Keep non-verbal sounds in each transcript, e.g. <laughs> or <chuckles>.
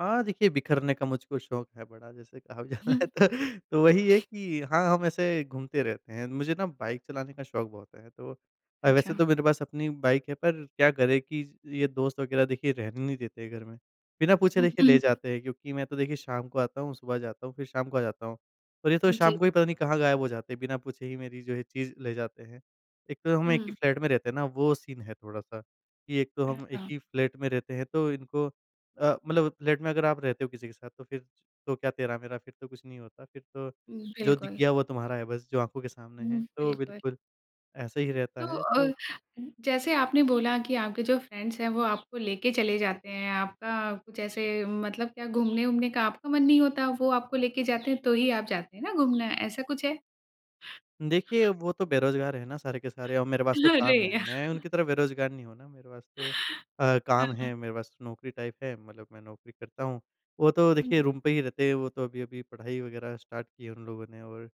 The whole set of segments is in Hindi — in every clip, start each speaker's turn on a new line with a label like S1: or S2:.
S1: हाँ देखिए, बिख़रने का मुझको शौक है बड़ा जैसे कहा भी
S2: हुँ।
S1: जाता है तो वही है कि हाँ, हम ऐसे घूमते रहते हैं। मुझे ना बाइक चलाने का शौक बहुत है। तो अ, वैसे
S2: अच्छा।
S1: तो मेरे पास अपनी बाइक है पर क्या करें कि ये दोस्त वग़ैरह देखिए रहने नहीं देते घर में। बिना पूछे
S2: हुँ,
S1: देखिए
S2: हुँ,
S1: ले
S2: हुँ।
S1: जाते हैं क्योंकि मैं तो देखिए शाम को आता हूँ, सुबह जाता हूँ फ़िर शाम को आ जाता हूँ। तो जैसे ये तो शाम
S2: जी।
S1: को ही पता नहीं कहाँ गायब हो जाते हैं बिना पूछे ही मेरी जो है चीज़ ले जाते हैं। एक तो हम एक ही
S2: हुँ।
S1: फ्लैट में रहते हैं ना वो सीन है थोड़ा-सा कि एक तो हम 1
S2: अच्छा।
S1: ही फ्लैट में रहते हैं तो इनको अ, मतलब फ्लैट में अगर आप रहते हो किसी के साथ तो फ़िर तो क्या तेरा-मेरा फ़िर तो कुछ नहीं होता। फ़िर तो
S2: हुँ,
S1: जो दिख
S2: बिल्कुल।
S1: गया वो तुम्हारा है बस जो आँखों के सामने है
S2: हुँ,
S1: तो
S2: बिल्कुल।
S1: बिल्कुल। ऐसे ही रहता
S2: तो
S1: है
S2: अ,
S1: तो।
S2: ज जैसे आपने बोला कि आपके जो फ्रेंड्स हैं वो आपको लेके चले जाते हैं। आपका कुछ ऐसे मतलब क्या घूमने-वूमने का आपका मन नहीं होता वो आपको लेके जाते हैं तो ही आप जाते हैं ना घूमने, ऐसा कुछ है?
S1: देखिए, वो तो बेरोजगार है ना सारे के सारे और अ, मेरे पास तो
S2: अरे
S1: काम है।
S2: या
S1: मैं उनकी तरह बेरोजगार नहीं हूँ ना मेरे पास तो अ,
S2: हाँ,
S1: काम
S2: हुँ।
S1: है, मेरे पास तो नौकरी टाइप है। मतलब मैं नौकरी करता हूँ। वो तो
S2: हुँ।
S1: देखिए रूम पे ही रहते हैं वो तो अभी-अभी पढ़ाई वग़ैरह स्टार्ट की है उन लोगों ने और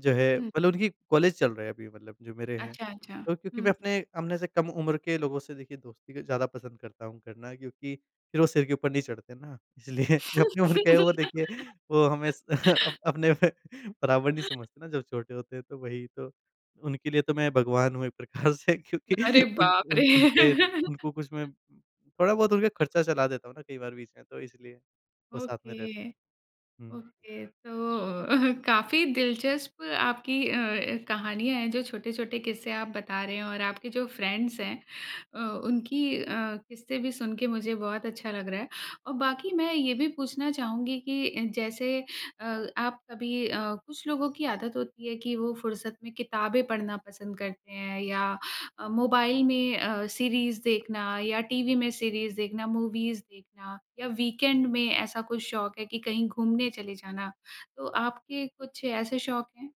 S1: जो है
S2: हुँ।
S1: मतलब उनकी कॉलेज चल रहा है अभी मतलब जो मेरे हैं।
S2: अच्छा, अच्छा
S1: तो क्योंकि मैं
S2: हुँ।
S1: अपने अपने से कम उम्र के लोगों से देखिए दोस्ती ज़्यादा पसंद करता हूँ करना क्योंकि फ़िर वो सिर के ऊपर नहीं चढ़ते ना इसलिए जो अपनी उम्र के वो देखिए वो हमें
S2: <laughs>
S1: अप अपने बराबर नहीं समझते ना जब छोटे होते हैं तो वही तो। उनके लिए तो मैं भगवान हूँ एक प्रकार से क्योंकि
S2: अरे
S1: उन
S2: बाप रे!
S1: उन उनपे उनको कुछ
S2: <laughs>
S1: मैं थोड़ा बहुत उनका ख़र्चा चला देता हूँ ना कई बार बीच में तो इसलिए वो साथ में रहते।
S2: ओके,
S1: हुँ।
S2: ओके तो <chuckles> काफ़ी दिलचस्प आपकी अ, कहानियाँ है जो छोटे-छोटे किस्से आप बता रहे हैं और आपके जो फ्रेंड्स हैं। अ, उनकी अ, किस्से भी सुन के मुझे बहुत अच्छा लग रहा है और बाकी मैं ये भी पूछना चाहूँगी कि अ, जैसे अ आप कभी अ, कुछ लोगों की आदत होती है कि वो फ़ुर्सत में किताबें पढ़ना पसंद करते हैं या अ, मोबाइल में अ, सीरीज़ देखना या टीवी में सीरीज़ देखना मूवीज़ देखना या वीकेंड में ऐसा कुछ शौक है कि कहीं घूमने चले जाना तो आपके कुछ ऐसे शौक हैं।